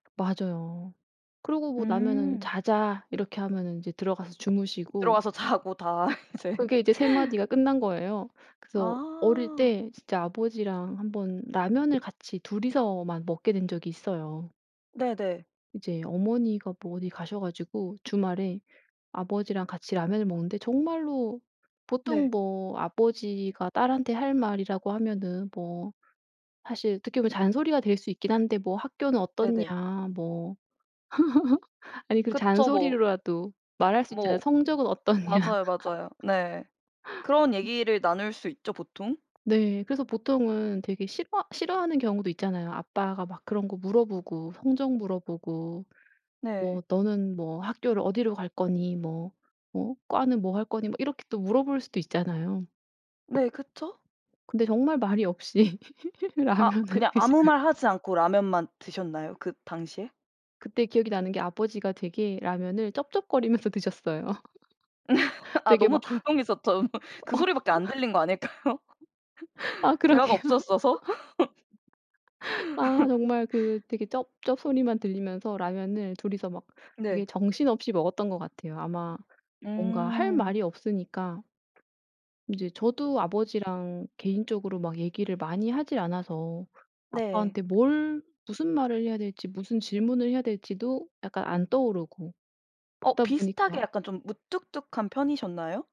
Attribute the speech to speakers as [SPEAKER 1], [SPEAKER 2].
[SPEAKER 1] 맞아요. 그러고 뭐 나면은
[SPEAKER 2] 음.
[SPEAKER 1] "자자." 이렇게 하면은 이제 들어가서 주무시고
[SPEAKER 2] 들어가서 자고 다 이제.
[SPEAKER 1] 그게 이제 3 마디가 끝난 거예요. 그래서 어릴
[SPEAKER 2] 아.
[SPEAKER 1] 때 진짜 아버지랑 1 번 라면을 같이 2 이서만 먹게 된 적이 있어요.
[SPEAKER 2] 네네.
[SPEAKER 1] 이제 어머니가 뭐 어디 가셔 가지고 주말에 아버지랑 같이 라면을 먹는데 정말로 보통
[SPEAKER 2] 네.
[SPEAKER 1] 뭐 아버지가 딸한테 할 말이라고 하면은 뭐 사실 어떻게 보면 잔소리가 될 수 있긴 한데 뭐 "학교는
[SPEAKER 2] 네네.
[SPEAKER 1] 어떻냐" 뭐 아니 그래도
[SPEAKER 2] 그쵸 뭐
[SPEAKER 1] 잔소리로라도 말할 수 있잖아요.
[SPEAKER 2] 뭐
[SPEAKER 1] "성적은 어떻냐."
[SPEAKER 2] 맞아요, 맞아요. 네. 그런 얘기를 나눌 수 있죠 보통.
[SPEAKER 1] 네. 그래서 보통은 되게 싫어 싫어하는 경우도 있잖아요. 아빠가 막 그런 거 물어보고 성적 물어보고
[SPEAKER 2] 네.
[SPEAKER 1] 뭐 "너는 뭐 학교를 어디로 갈 거니?" 뭐 어 "과는 뭐 할 거니?" 뭐 이렇게 또 물어볼 수도 있잖아요.
[SPEAKER 2] 네. 그쵸?
[SPEAKER 1] 근데 정말 말이 없이
[SPEAKER 2] 아
[SPEAKER 1] 라면을
[SPEAKER 2] 그냥 아무
[SPEAKER 1] 드셔요.
[SPEAKER 2] 말하지 않고 라면만 드셨나요? 그 당시에?
[SPEAKER 1] 그때 기억이 나는 게 아버지가 되게 라면을 쩝쩝거리면서 드셨어요.
[SPEAKER 2] 아
[SPEAKER 1] 되게
[SPEAKER 2] 너무
[SPEAKER 1] 막
[SPEAKER 2] 조용해서 더 그 소리밖에 안 들린 거 아닐까요?
[SPEAKER 1] 아
[SPEAKER 2] 대화가
[SPEAKER 1] 그러게요.
[SPEAKER 2] 없었어서?
[SPEAKER 1] 아 정말 그 되게 쩝쩝 소리만 들리면서 라면을 2 이서 막 되게
[SPEAKER 2] 네.
[SPEAKER 1] 정신없이 먹었던 것 같아요. 아마 뭔가 할
[SPEAKER 2] 음.
[SPEAKER 1] 말이 없으니까 이제 저도 아버지랑 개인적으로 막 얘기를 많이 하질 않아서
[SPEAKER 2] 네.
[SPEAKER 1] 아빠한테 뭘 무슨 말을 해야 될지 무슨 질문을 해야 될지도 약간 안 떠오르고
[SPEAKER 2] 어
[SPEAKER 1] 그러다
[SPEAKER 2] 비슷하게
[SPEAKER 1] 보니까
[SPEAKER 2] 약간 좀 무뚝뚝한 편이셨나요?